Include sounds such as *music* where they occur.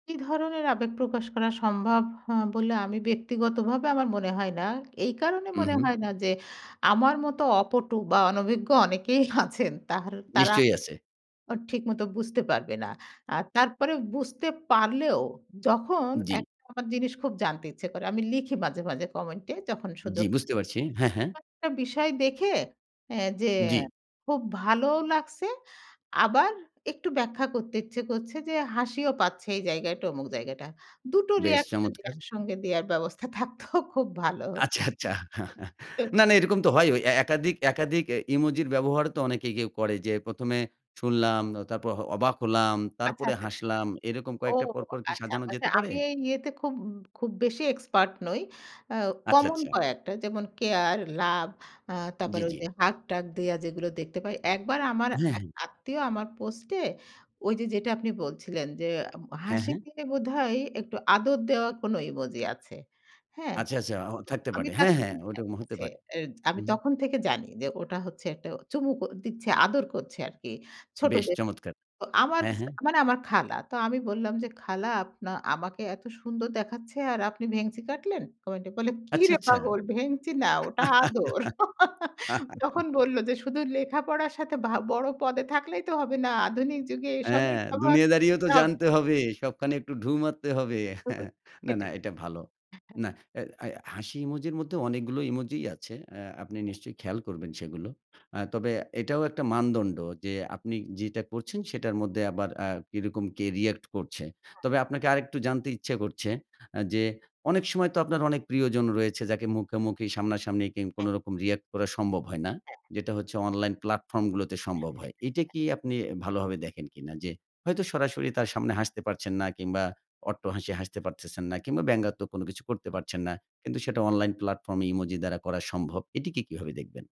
কী ধরনের আবেগ প্রকাশ করা সম্ভব হ বলে আমি ব্যক্তিগতভাবে আমার মনে হয় না এই কারণে মনে উহু। হয় না যে আমার মতো অপটু বা অনভিজ্ঞ অনেকেই আছেন, তাহর তারা নিশ্চয়ই আছে। উ ঠিকমতো বুঝতে পারবে না আর তারপরে বুঝতে পারলেও যখন জি। একটা আমার জিনিস খুব জানতে ইচ্ছে করে আমি লিখি মাঝে, মাঝে কমেন্টে যখন জি, সুযোগ বুঝতে পারছি হ্যাঁ, হ্যাঁ। অ একটা বিষয় দেখে অ্যা যে জি। খুব ভালোও লাগছে। আবার একটু ব্যাখ্যা করতে ইচ্ছে করছে যে হাসিও পাচ্ছে এই জায়গায় অমুক জায়গাটা। ২ টো বেশ রিঅ্যাক্ট যদি চমৎকার! একসঙ্গে দেওয়ার ব্যবস্থা থাকত খুব ভালো হত।। আচ্ছা, আচ্ছা না, *unintelligible* না এরকম তো হয়ই। ওই একাধিক একাধিক অ্যা ইমোজির ব্যবহারও তো অনেকে কেউ করে যে ১ম এ শুনলাম, তারপর হ অবাক হলাম, আচ্ছা, তারপরে আচ্ছা, আচ্ছা হাসলাম। এরকম ও কয়েকটা পরপর কি আচ্ছা সাজানো যেতে পারে? আমি এই ইয়েতে খুব খুব বেশি এক্সপার্ট নই। আ আচ্ছা, কমন আচ্ছা। কয়েকটা যেমন কেয়ার, লাভ আ জি, তারপরে জি। ওইযে হাগ-টাক দিয়া যেগুলো দেখতে পাই। একবার আমার হ্যাঁ, এক হ্যাঁ। আত্মীয় আমার পোস্টে ওইযে যেটা আপনি বলছিলেন, যে উ হ্যাঁ, হাসি হ্যাঁ। দিয়ে বোধহয় একটু আদর দেওয়া কোনো ইমোজি আছে। হ্যাঁ? আচ্ছা, আচ্ছা অ তো থাকতে আমি পারে হ্যাঁ, তাকে হ্যাঁ ওটা তার হতে কাছে পারে অ্যা আমি হুম। তখন থেকে জানি যে ওটা হচ্ছে একটা চুমুক দিচ্ছে, আদর করছে আরকি। বেশ ছোটদের চমৎকার তো আমার হ্যাঁ, স হ্যাঁ। আমার মানে আমার খালা। তো আমি বললাম যে, "খালা আপ আমাকে এত সুন্দর দেখাচ্ছে আর আপনি ভেঙচি কাটলেন?" কমেন্টে বললেন, আচ্ছা, "কিরে আচ্ছা।। পাগল ভেঙচি না ওটা আদর।" *chuckles* তখন *chuckles* বলল যে, "শুধু লেখাপড়ার সাথে ভা বড় পদে থাকলেই তো হবে না। আধুনিক যুগে এসবের হ্যাঁ, ব্যবহার দুনিয়া দাঁড়িয়েও তো করতে হব"। জানতে হবে। সবখানে একটু ঢুঁ মারতে হবে *chuckles* তো হ্যাঁ, না, না সেটাই এটা ভালো। হ্যাঁ। না আ আ হাসি ইমোজির মধ্যে অনেকগুলো ইমোজই আছে আ আপনি নিশ্চয়ই খেয়াল করবেন সেগুলো। আ তবে এটাও একটা মানদণ্ড যে আপনি যেটা করছেন সেটার মধ্যে আবার আ কিরকম কে রিঅ্যাক্ট করছে। হ্যাঁ। তবে আপনাকে আরেকটু জানতে ইচ্ছা করছে আ যে অনেক সময় তো আপনার অনেক প্রিয়জন রয়েছে যাকে মুখামুখি সামনাসামনি কি হ্যাঁ। কোনোরকম রিঅ্যাক্ট করা সম্ভব হয় না হ্যাঁ। যেটা হচ্ছে অনলাইন প্লাটফর্ম গুলোতে হ্যাঁ, সম্ভব হয়। এটা হ্যাঁ। কি আপনি ভালোভাবে দেখেন কিনা? যে হয়তো সরাসরি তার সামনে হাসতে পারছেন না কিংবা অট্টহাসি হাসতে পারতেছেন না কিংবা ব্যঙ্গাত্মক কোনো কিছু করতে হুম। পারছেন না। কিন্তু সেটা অনলাইন প্লাটফর্ম এ ইমোজি দ্বারা করা সম্ভব। এটিকে কীভাবে দেখবেন?